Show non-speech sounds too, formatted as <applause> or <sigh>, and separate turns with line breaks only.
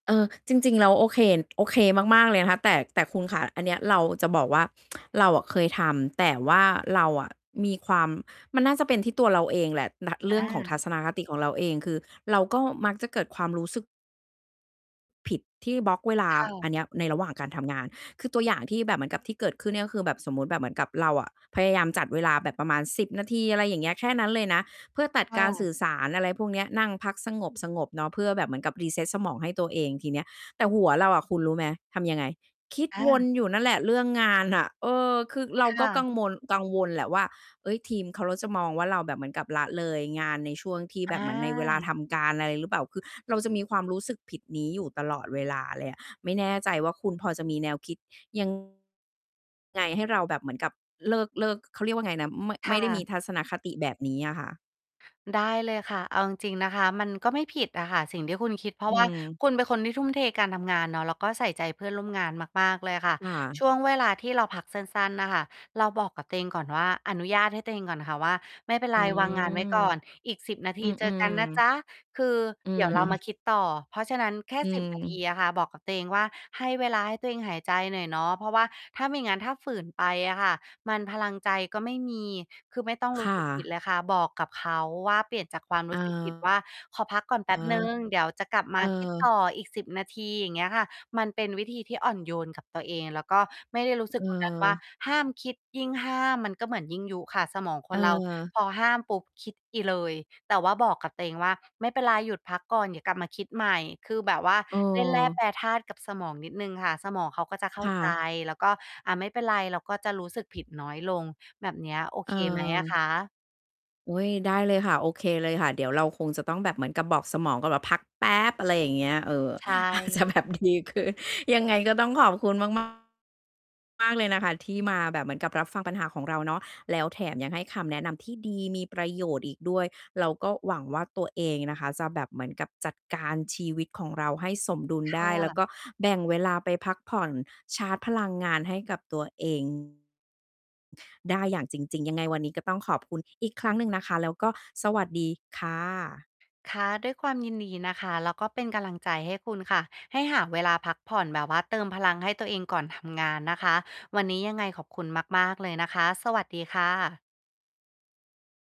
เออ จริง ๆ แล้ว โอเค โอเคมาก ๆ เลยนะคะ แต่ แต่คุณคะ อันเนี้ยเราจะบอกว่า <tsk> เราอะเคยทำ แต่ว่าเราอะมีความ มันน่าจะเป็นที่ตัวเราเองแหละ น เร
อ
ื่องของทั
า
ศนคติของเราเอง คือเราก็มักจะเกิดความรู้สึก ผิดที่บล็อกเวลา
ค่ะ
อันเนี้ยในระหว่างการทำงาน คือตัวอย่างที่แบบเหมือนกับที่เกิดขึ้นเนี่ย ก็คือแบบสมมุติแบบเหมือนกับเราอะ พยายามจัดเวลาแบบประมาณ 10 นาที อะไรอย่างเงี้ย แค่นั้นเลยนะ เพื่อตัด
ค่
การส
ะ
ื่อสาร อะไรพวกเนี้ย นั่งพักสงบ ๆ เนาะ เพื่อแบบเหมือนกับ reset สมองให้ตัวเองทีเนี้ย แต่หัวเราอะ คุณรู้ไหม ทำยังไง? คิด
อ
ว
า
นอยู่นั่นแหละเรื่องงานน่ะ เออ คือเรา
ค
ก็
่
ก
ะ
ังวล กังวลแหละว่า เฮ้ย ทีมเขา แล้วจะมองว่า เราแบบเหมือนกับละเลยงานในช่วงที่แบ
อ
บเหมือนในเวลา
า
ทำการ อะไรหรือเปล่า? คือเราจะมีความรู้สึกผิดนี้อยู่ตลอดเวลาเลยอะ ไม่แน่ใจว่าคุณพอจะมีแนวคิด ยัง ไงให้เราแบบเหมือนกับ เลิก เลิก เขาเรียกว่าไงนะ ไม่
ค
ไม
่
่ได้ม
ะ
ีทัศนคติแบบนี้อะค่ะ
ได้เลยค่ะ เอาจริง ๆ นะคะ มันก็ไม่ผิดอะค่ะสิ่งที่คุณคิด เพรา
อื
ะว่า
อ
คุณเป็นคนที่ทุ่มเทการทำงานเนาะ แล้วก็ใส่ใจเพื่อนร่วมงานมาก ๆ เลยอะค่ะ
อ
ช
า
่วงเวลาที่เราพักสั้น ๆ น่ะค่ะ เราบอกกับตัวเองก่อนว่า อนุญาตให้ตัวเองก่อนค่ะว่า "ไม่เป็น
อ
ไ
ื
ร วางงานไว้
ม
ก่อนอีก 10 นาท
อ
ีเจ
ื
อก
ม
ันนะจ
ๆ
๊ะ" คือ
อื
เดี๋ย
อ
วเรามา
<chuckles>
คิดต่อ เพราะฉะนั้นแค่
อื
10 นาที
อ
อะค่ะ บอกกับตัวเองว่า ให้เวลาให้ตัวเองหายใจหน่อยเนาะ เพราะว่าถ้าไม่งั้นถ้าฝืนไปอะค่ะ มันพลังใจก็ไม่มี คือไม่ต้องร
ค
ู้
่
สึกผิด
ะ
เลยค่ะ บอกกับเขาว่าเปลี่ยนจากความ
เ
ร
อ
ู
อ
้สึกผิดว่า "ขอพักก่อนแป
อ๋
๊บ
อ
หนึ่ง เดี๋ยวจะกลับม
เอ
าคิดต
อ
่ออีก 10 นาที" อย่างเงี้ยค่ะ มันเป็นวิธีที่อ่อนโยนกับตัวเอง แล้วก็ไม่ได้รู้สึกเหมือนกันว่า
เออ
ห้ามคิด ยิ่งห้ามมันก็เหมือนยิ่งยุค่ะ สมองค
เ
นเรา
ออ
พอห้ามปุ๊บ คิดอีกเลย แต่ว่าบอกกับตัวเองว่า "ไม่เป็นไรหยุดพักก่อน เดี๋ยวกลับมาคิดใหม่" คือแบบว่า
เ
เล่นแร่
ออ
แปรธาตุกับสมองนิดหนึ่งค่ะ สมองเขาก็จะเข้า
ค่
ใจ
ะ
แล้วก็ อา ไม่เป็นไร เราก็จะรู้สึกผิดน้อยลง แบบเนี้ย โอ
เ
เคไหมอะค
ออ
ะ?
อุ๊ย ได้เลยค่ะ โอเคเลยค่ะ เดี๋ยวเราคงจะต้องแบบเหมือนกับบอกสมองก่อนว่าพักแป๊บ อะไรอย่างเงี้ย เออ
ใช
อาจจะ
่
แบบดีขึ้น ยังไงก็ต้องขอบคุณมาก มาก เลยนะคะ ที่มาแบบเหมือนกับรับฟังปัญหาของเราเนาะ แล้วแถมยังให้คำแนะนำที่ดี มีประโยชน์อีกด้วย เราก็หวังว่าตัวเองนะคะ จะแบบเหมือนกับจัดการชีวิตของเราให้สมดุล
ค
ได
่
้ แล้วก
ะ
็แบ่งเวลาไปพักผ่อน ชาร์จพลังงานให้กับตัว เอง ได้อย่างจริง ๆ ยังไงวันนี้ก็ต้องขอบคุณอีกครั้งหนึ่งนะคะ แล้วก็สวัสดีค่ะ
ค่ะ ด้วยความยินดีนะคะ แล้วก็เป็นกำลังใจให้คุณค่ะ ให้หาเวลาพักผ่อน แบบว่าเติมพลังให้ตัวเองก่อนทำงานนะคะ วันนี้ยังไงขอบคุณมาก ๆ เลยนะคะ สวัสดีค่ะ